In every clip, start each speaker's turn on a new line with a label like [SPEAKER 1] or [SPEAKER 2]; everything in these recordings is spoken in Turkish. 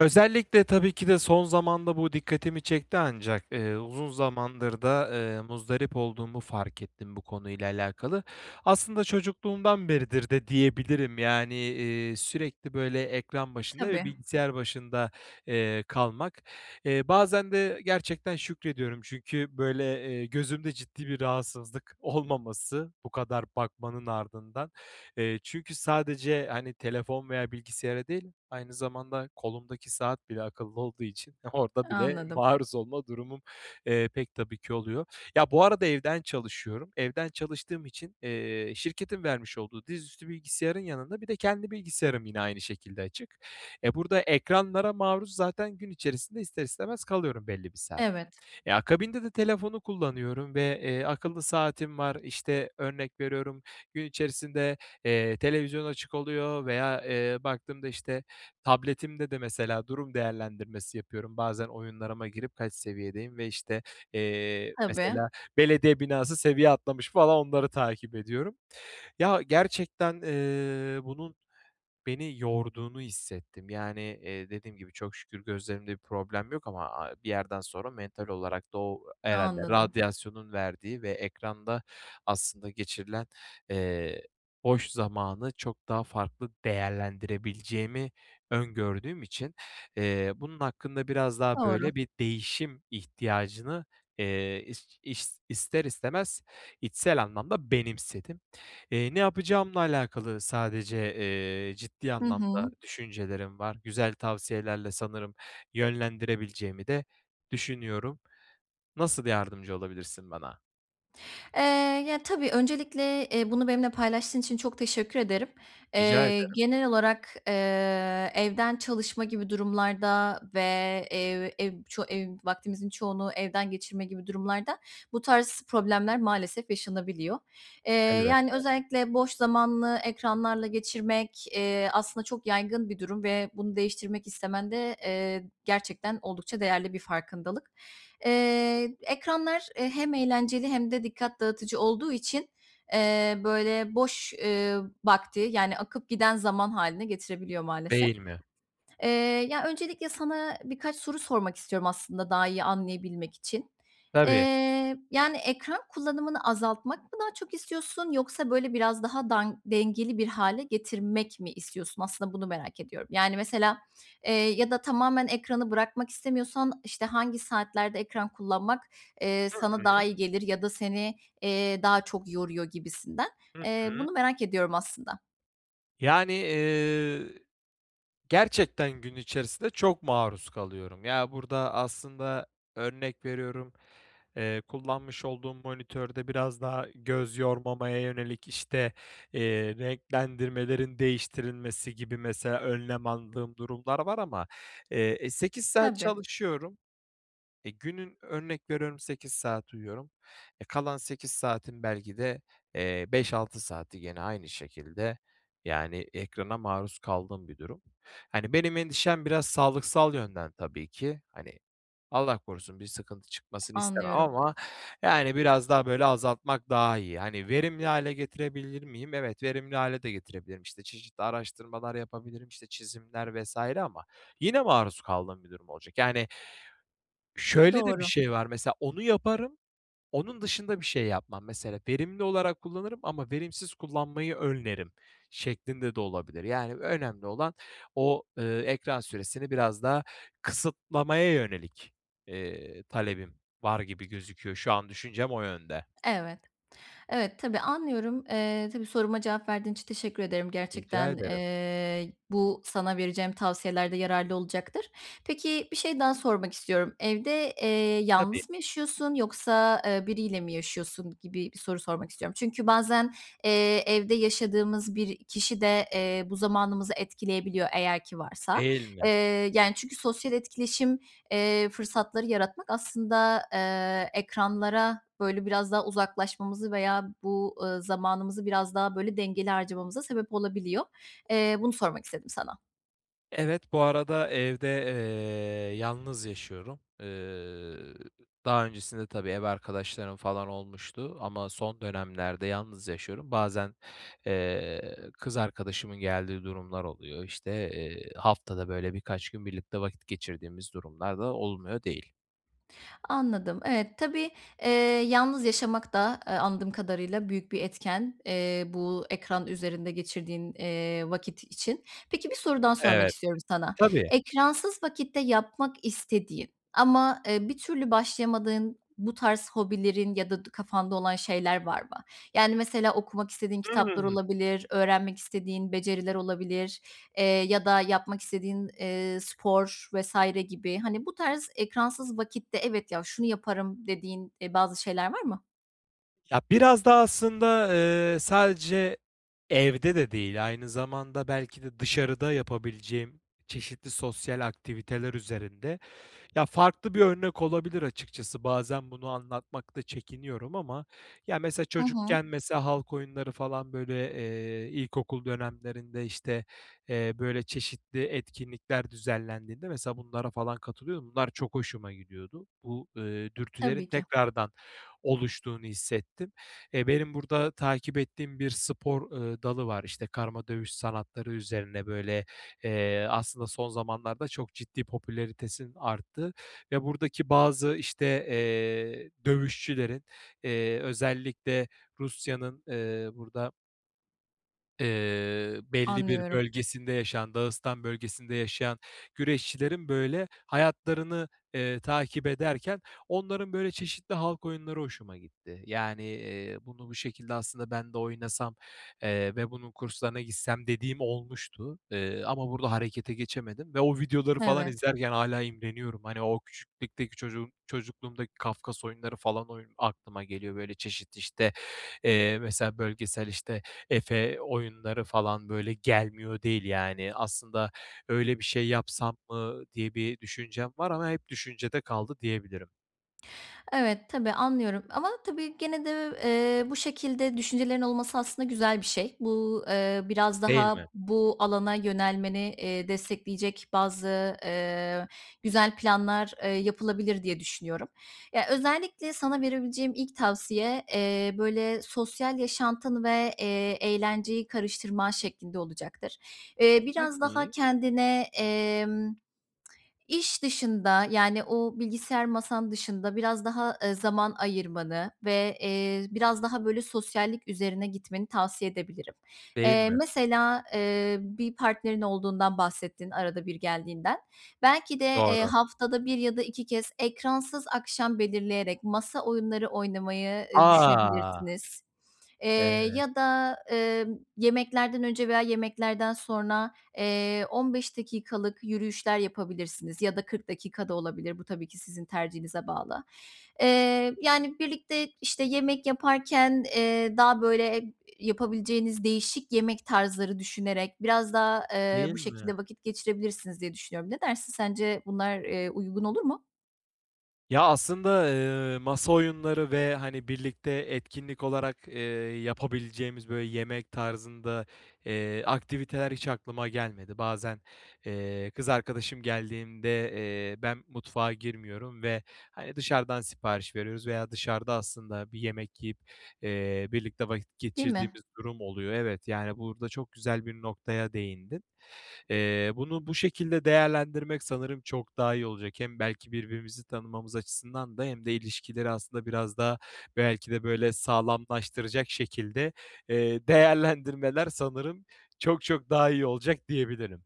[SPEAKER 1] Özellikle, tabii ki de, son zamanda bu dikkatimi çekti ancak, eee, uzun zamandır da, ııı, muzdarip olduğumu fark ettim bu konuyla alakalı. Aslında çocukluğumdan beridir de diyebilirim, yani, eee, sürekli böyle ekran başında ve
[SPEAKER 2] Tabii.
[SPEAKER 1] bilgisayar başında, eee, kalmak. Eee, bazen de gerçekten şükrediyorum. Çünkü, böyle, eee, gözümde ciddi bir rahatsızlık olmaması bu kadar bakmanın ardından. Eee, çünkü sadece, hani, telefon veya bilgisayara değil aynı zamanda kolumdaki saat bile akıllı olduğu için orada bile
[SPEAKER 2] Anladım.
[SPEAKER 1] maruz olma durumum, eee, pek tabii ki oluyor. Ya, bu arada evden çalışıyorum. Evden çalıştığım için, eee, şirketin vermiş olduğu dizüstü bilgisayarın yanında bir de kendi bilgisayarım yine aynı şekilde açık. Eee, burada ekranlara maruz zaten gün içerisinde ister istemez kalıyorum belli bir saat.
[SPEAKER 2] Evet.
[SPEAKER 1] Ya, akabinde de telefonu kullanıyorum ve, eee, akıllı saatim var. İşte, örnek veriyorum, gün içerisinde, eee, televizyon açık oluyor veya, eee, baktığımda, işte, tabletimde de, mesela, durum değerlendirmesi yapıyorum. Bazen oyunlarıma girip kaç seviyedeyim ve, işte, eee,
[SPEAKER 2] Tabii.
[SPEAKER 1] mesela, belediye binası seviye atlamış falan onları takip ediyorum. Ya, gerçekten, ııı, bunun beni yorduğunu hissettim. Yani, eee, dediğim gibi çok şükür gözlerimde bir problem yok ama a bir yerden sonra mental olarak da o herhâlde
[SPEAKER 2] Anladım.
[SPEAKER 1] radyasyonun verdiği ve ekranda aslında geçirilen, eee, boş zamanı çok daha farklı değerlendirebileceğimi öngördüğüm için, eee, bunun hakkında biraz daha,
[SPEAKER 2] Doğru.
[SPEAKER 1] böyle, bir değişim ihtiyacını, eee, is iş ister istemez içsel anlamda benimsedim. Eee, ne yapacağımla alakalı sadece, eee, ciddi
[SPEAKER 2] Hı hı.
[SPEAKER 1] anlamda düşüncelerim var. Güzel tavsiyelerle sanırım yönlendirebileceğimi de düşünüyorum. Nasıl yardımcı olabilirsin bana?
[SPEAKER 2] Eee, ya tabii, öncelikle, eee, bunu benimle paylaştığın için çok teşekkür ederim.
[SPEAKER 1] Rica
[SPEAKER 2] Eee,
[SPEAKER 1] ederim.
[SPEAKER 2] genel olarak, eee, evden çalışma gibi durumlarda ve ev ev ço ev vaktinizin çoğunu evde geçirme gibi durumlarda bu tarz problemler maalesef yaşanabiliyor. Eee, yani,
[SPEAKER 1] Elbette.
[SPEAKER 2] özellikle boş zamanı ekranlarla geçirmek, eee, aslında çok yaygın bir durum ve bunu değiştirmek istemen de, eee, gerçekten oldukça değerli bir farkındalık. Eee, ekranlar, e, hem eğlenceli hem de dikkat dağıtıcı olduğu için, eee, böyle, boş, eee, vakti, yani, akıp giden zaman hâline getirebiliyor maalesef.
[SPEAKER 1] Değil mi?
[SPEAKER 2] Eee, ya öncelikle sana birkaç soru sormak istiyorum aslında daha iyi anlayabilmek için.
[SPEAKER 1] Tabii.
[SPEAKER 2] Eee, yani, ekran kullanımını azaltmak mı daha çok istiyorsun? Yoksa, böyle, biraz daha dan dengeli bir hâle getirmek mi istiyorsun? Aslında bunu merak ediyorum. Yani, mesela, eee, ya da tamamen ekranı bırakmak istemiyorsan, işte, hangi saatlerde ekran kullanmak
[SPEAKER 1] Hı
[SPEAKER 2] sana, eee, daha
[SPEAKER 1] hı.
[SPEAKER 2] iyi gelir ya da seni, eee, daha çok yoruyor gibisinden.
[SPEAKER 1] Hı
[SPEAKER 2] Eee,
[SPEAKER 1] hı.
[SPEAKER 2] bunu merak ediyorum aslında.
[SPEAKER 1] Yani, eee, gerçekten gün içerisinde çok maruz kalıyorum. Ya, burada aslında, örnek veriyorum, eee, kullanmış olduğum monitörde biraz daha göz yormamaya yönelik, işte, eee, renklendirmelerin değiştirilmesi gibi mesela önlem aldığım durumlar var ama, eee, e, 8 saat
[SPEAKER 2] Tabii.
[SPEAKER 1] çalışıyorum. E, günün örnek veriyorum 8 saat uyuyorum. E, kalan 8 saatin belki de, eee, 5-6 saati gene aynı şekilde, yani, ekrana maruz kaldığım bir durum. Hani, benim endişem biraz sağlıksal yönden tabii ki. Hani, Allah korusun, bir sıkıntı çıkmasını istemem
[SPEAKER 2] Anlıyorum.
[SPEAKER 1] ama yani biraz daha, böyle, azaltmak daha iyi. Hani, verimli hâle getirebilir miyim? Evet, verimli hâle de getirebilirim. İşte, çeşitli araştırmalar yapabilirim, işte, çizimler vs. ama yine maruz kaldığım bir durum olacak. Yani, şöyle de bir
[SPEAKER 2] Doğru.
[SPEAKER 1] şey var, mesela onu yaparım, onun dışında bir şey yapmam, mesela. Verimli olarak kullanırım ama verimsiz kullanmayı önlerim şeklinde de olabilir. Yani önemli olan o, ııı, ekran süresini biraz daha kısıtlamaya yönelik, eee, talebim var gibi gözüküyor. Şu an düşüncem o yönde.
[SPEAKER 2] Evet. Evet, tabii, anlıyorum. Eee, tabii, soruma cevap verdiğin için teşekkür ederim.
[SPEAKER 1] Rica
[SPEAKER 2] Gerçekten,
[SPEAKER 1] ederim.
[SPEAKER 2] eee, bu sana vereceğim tavsiyelerde yararlı olacaktır. Peki bir şey daha sormak istiyorum. Evde, eee,
[SPEAKER 1] Tabii.
[SPEAKER 2] yalnız mı yaşıyorsun yoksa, eee, biriyle mi yaşıyorsun gibi bir soru sormak istiyorum. Çünkü bazen, eee, evde yaşadığımız bir kişi de, eee, bu zamanımızı etkileyebiliyor eğer ki varsa.
[SPEAKER 1] Değil mi?
[SPEAKER 2] Eee, yani, çünkü sosyal etkileşim, eee, fırsatları yaratmak aslında, eee, ekranlara böyle biraz daha uzaklaşmamızı veya bu, ııı, zamanımızı biraz daha böyle dengeli harcamamıza sebep olabiliyor. Eee, bunu sormak istedim sana.
[SPEAKER 1] Evet, bu arada evde, eee, yalnız yaşıyorum. Iıı, daha öncesinde tabii, ev arkadaşlarım falan olmuştu ama son dönemlerde yalnız yaşıyorum. Bazen, eee, kız arkadaşımın geldiği durumlar oluyor. İşte, eee, haftada böyle birkaç gün birlikte vakit geçirdiğimiz durumlar da olmuyor değil.
[SPEAKER 2] Anladım, evet. Tabii, eee, yalnız yaşamak da, eee, anladığım kadarıyla büyük bir etken, eee, bu ekran üzerinde geçirdiğin, eee, vakit için. Peki, bir soru daha sormak
[SPEAKER 1] Evet.
[SPEAKER 2] istiyorum sana.
[SPEAKER 1] Tabii.
[SPEAKER 2] Ekransız vakitte yapmak istediğin ama, eee, bir türlü başlayamadığın bu tarz hobilerin ya da d kafanda olan şeyler var mı? Yani mesela okumak istediğin kitaplar
[SPEAKER 1] Hımm.
[SPEAKER 2] olabilir, öğrenmek istediğin beceriler olabilir, eee, ya da yapmak istediğin, eee, spor vs. gibi, hani, bu tarz ekransız vakitte, "Evet ya, şunu yaparım." dediğin, eee, bazı şeyler var mı?
[SPEAKER 1] Ya, biraz da aslında, eee, sadece evde de değil, aynı zamanda belki de dışarıda yapabileceğim çeşitli sosyal aktiviteler üzerinde, ya, farklı bir örnek olabilir açıkçası. Bazen bunu anlatmakta çekiniyorum ama, ya, mesela
[SPEAKER 2] Hı hı.
[SPEAKER 1] çocukken, mesela, halk oyunları falan, böyle, eee, ilkokul dönemlerinde, işte, eee, böyle, çeşitli etkinlikler düzenlendiğinde mesela bunlara falan katılıyordum. Bunlar çok hoşuma gidiyordu. Bu, ııı, dürtülerin
[SPEAKER 2] Tabii ki.
[SPEAKER 1] tekrardan oluştuğunu hissettim. Eee, benim burada takip ettiğim bir spor, ııı, dalı var. İşte, karma dövüş sanatları üzerine, böyle, eee, aslında son zamanlarda çok ciddi popülaritesinin arttığı ve buradaki bazı, işte, eee, dövüşçülerin, eee, özellikle Rusya'nın, eee, burada Eee, belli bir
[SPEAKER 2] Anlıyorum.
[SPEAKER 1] bölgesinde yaşayan, Dağıstan bölgesinde yaşayan güreşçilerin, böyle, hayatlarını, eee, takip ederken onların, böyle, çeşitli halk oyunları hoşuma gitti. Yani, eee, bunu bu şekilde aslında ben de oynasam, eee, ve bunun kurslarına gitsem dediğim olmuştu. Eee, ama burada harekete geçemedim ve o videoları falan
[SPEAKER 2] Evet.
[SPEAKER 1] izlerken hâlâ imreniyorum. Hani, o küçüklükteki çocuk çocukluğumdaki Kafkas oyunları falan aklıma geliyor. Böyle çeşit, işte, eee, mesela, bölgesel, işte, Efe oyunları falan böyle gelmiyor değil, yani. Aslında öyle bir şey yapsam mı diye bir düşüncem var ama hep düşüncede kaldı diyebilirim.
[SPEAKER 2] Evet, tabii, anlıyorum ama, tabii, gene de, eee, bu şekilde düşüncelerin olması aslında güzel bir şey. Bu, eee, biraz
[SPEAKER 1] Değil mi?
[SPEAKER 2] daha bu alana yönelmeni, eee, destekleyecek bazı, ııı, güzel planlar, ııı, yapılabilir diye düşünüyorum. Ya, özellikle sana verebileceğim ilk tavsiye, eee, böyle sosyal yaşantını ve, eee, eğlenceyi karıştırman şeklinde olacaktır. Eee,
[SPEAKER 1] Hı
[SPEAKER 2] biraz daha
[SPEAKER 1] hı.
[SPEAKER 2] kendine, emm iş dışında, yani, o bilgisayar masan dışında biraz daha, ııı, zaman ayırmanı ve, eee, biraz daha, böyle, sosyallik üzerine gitmeni tavsiye edebilirim.
[SPEAKER 1] Değil
[SPEAKER 2] Eee,
[SPEAKER 1] mi?
[SPEAKER 2] mesela, eee, bir partnerin olduğundan bahsettin, arada bir geldiğinden. Belki de, eee,
[SPEAKER 1] Doğru.
[SPEAKER 2] haftada 1 ya da 2 kez ekransız akşam belirleyerek masa oyunları oynamayı, ııı,
[SPEAKER 1] A!
[SPEAKER 2] düşünebilirsiniz. Eee,
[SPEAKER 1] Evet.
[SPEAKER 2] ya da, eee, yemeklerden önce veya yemeklerden sonra, eee, 15 dakikalık yürüyüşler yapabilirsiniz ya da 40 dakika da olabilir. Bu tabii ki sizin tercihinize bağlı. Eee, yani, birlikte, işte, yemek yaparken, eee, daha böyle, iii, yapabileceğiniz değişik yemek tarzları düşünerek biraz daha, eee,
[SPEAKER 1] Değil
[SPEAKER 2] bu
[SPEAKER 1] mi?
[SPEAKER 2] şekilde vakit geçirebilirsiniz diye düşünüyorum. Ne dersin? Sence bunlar, eee, uygun olur mu?
[SPEAKER 1] Ya, aslında, ııı, masa oyunları ve, hani, birlikte etkinlik olarak, ııı, yapabileceğimiz, böyle, yemek tarzında, ııı, aktiviteler hiç aklıma gelmedi. Bazen, ııı, kız arkadaşım geldiğinde, eee, ben mutfağa girmiyorum ve, hani, dışarıdan sipariş veriyoruz veya dışarıda aslında bir yemek yiyip, eee, birlikte vakit
[SPEAKER 2] Değil mi?
[SPEAKER 1] geçirdiğimiz durum oluyor. Evet, yani, burada çok güzel bir noktaya değindin. Iıı, bunu bu şekilde değerlendirmek sanırım çok daha iyi olacak. Hem belki birbirimizi tanımamız açısından da hem de ilişkileri aslında biraz daha belki de, böyle, sağlamlaştıracak şekilde, ııı, değerlendirmeler sanırım çok çok daha iyi olacak diyebilirim.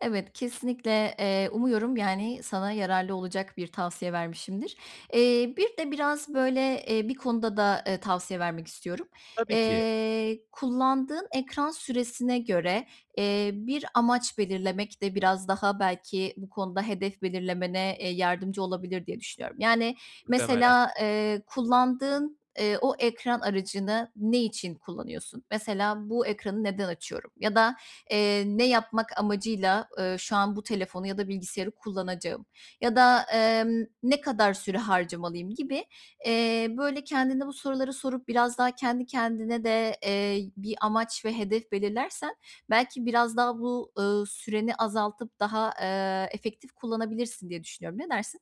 [SPEAKER 2] Evet, kesinlikle, eee, umuyorum, yani, sana yararlı olacak bir tavsiye vermişimdir. Eee, bir de biraz, böyle, eee, bir konuda da tavsiye vermek istiyorum.
[SPEAKER 1] Tabii ki.
[SPEAKER 2] Eee, kullandığın ekran süresine göre, eee, bir amaç belirlemek de biraz daha, belki, bu konuda hedef belirlemene, eee, yardımcı olabilir diye düşünüyorum. Yani,
[SPEAKER 1] Muhtemelen.
[SPEAKER 2] mesela, ııı, kullandığın, ııı, o ekran aracını ne için kullanıyorsun? Mesela, "Bu ekranı neden açıyorum?" ya da, eee, "Ne yapmak amacıyla, ııı, şu an bu telefonu ya da bilgisayarı kullanacağım?" Ya da, emm, "Ne kadar süre harcamalıyım?" gibi, eee, böyle, kendine bu soruları sorup biraz daha kendi kendine de, eee, bir amaç ve hedef belirlersen, belki, biraz daha bu, ııı, süreni azaltıp daha, eee, efektif kullanabilirsin diye düşünüyorum. Ne dersin?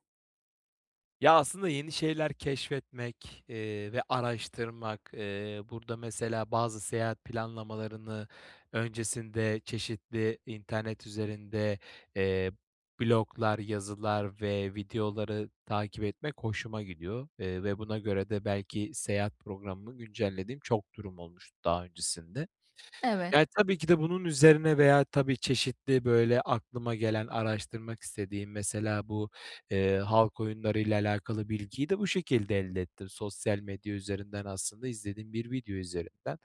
[SPEAKER 1] Ya, aslında yeni şeyler keşfetmek, eee, ve araştırmak, eee, burada, mesela bazı seyahat planlamalarını öncesinde çeşitli internet üzerinde, eee, bloglar, yazılar ve videoları takip etmek hoşuma gidiyor. Eee, ve buna göre de belki seyahat programımı güncellediğim çok durum olmuştu daha öncesinde. Yani,
[SPEAKER 2] Evet.
[SPEAKER 1] tabii ki de bunun üzerine veya tabii çeşitli, böyle, aklıma gelen, araştırmak istediğim, mesela bu, eee, halk oyunlarıyla alakalı bilgiyi de bu şekilde elde ettim. Sosyal medya üzerinden, aslında izlediğim bir video üzerinden.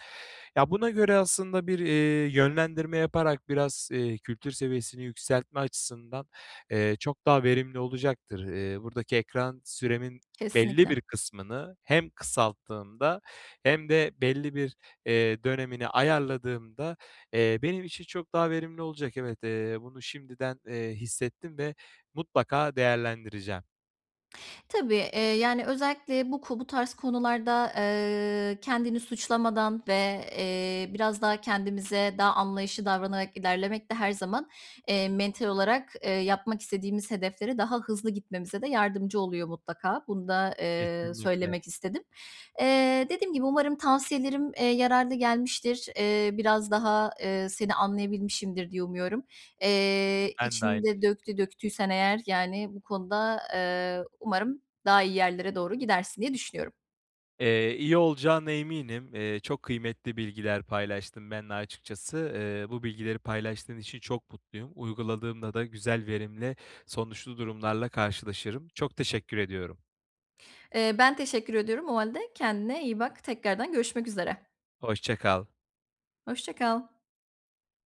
[SPEAKER 1] Ya, buna göre aslında bir, eee, yönlendirme yaparak, biraz, eee, kültür seviyesini yükseltme açısından, eee, çok daha verimli olacaktır. Eee, buradaki ekran süremin belli
[SPEAKER 2] Kesinlikle.
[SPEAKER 1] bir kısmını hem kısalttığımda hem de belli bir, eee, dönemini ayarladığımda, eee, benim için çok daha verimli olacak. Evet, eee, bunu şimdiden, eee, hissettim ve mutlaka değerlendireceğim.
[SPEAKER 2] Tabii, eee, yani özellikle bu ku bu tarz konularda, eee, kendini suçlamadan, ve, eee, biraz daha kendimize daha anlayışlı davranarak ilerlemek de her zaman, eee, mental olarak, eee, yapmak istediğimiz hedeflere daha hızlı gitmemize de yardımcı oluyor mutlaka. Bunu da, eee,
[SPEAKER 1] Kesinlikle.
[SPEAKER 2] söylemek istedim. Eee, dediğim gibi, umarım tavsiyelerim, eee, yararlı gelmiştir. Eee, biraz daha, eee, seni anlayabilmişimdir diye umuyorum. Eee,
[SPEAKER 1] Ben de
[SPEAKER 2] içini
[SPEAKER 1] aynı
[SPEAKER 2] de
[SPEAKER 1] şekilde.
[SPEAKER 2] döktü döktüysen eğer, yani, bu konuda, eee, umarım daha iyi yerlere doğru gidersin diye düşünüyorum.
[SPEAKER 1] Eee, iyi olacağına eminim. Eee, çok kıymetli bilgiler paylaştın benimle açıkçası. Eee, bu bilgileri paylaştığın için çok mutluyum. Uyguladığımda da güzel, verimli sonuçlu durumlarla karşılaşırım. Çok teşekkür ediyorum.
[SPEAKER 2] Eee, ben teşekkür ediyorum. O hâlde kendine iyi bak. Tekrardan görüşmek üzere.
[SPEAKER 1] Hoşça kal.
[SPEAKER 2] Hoşça kal.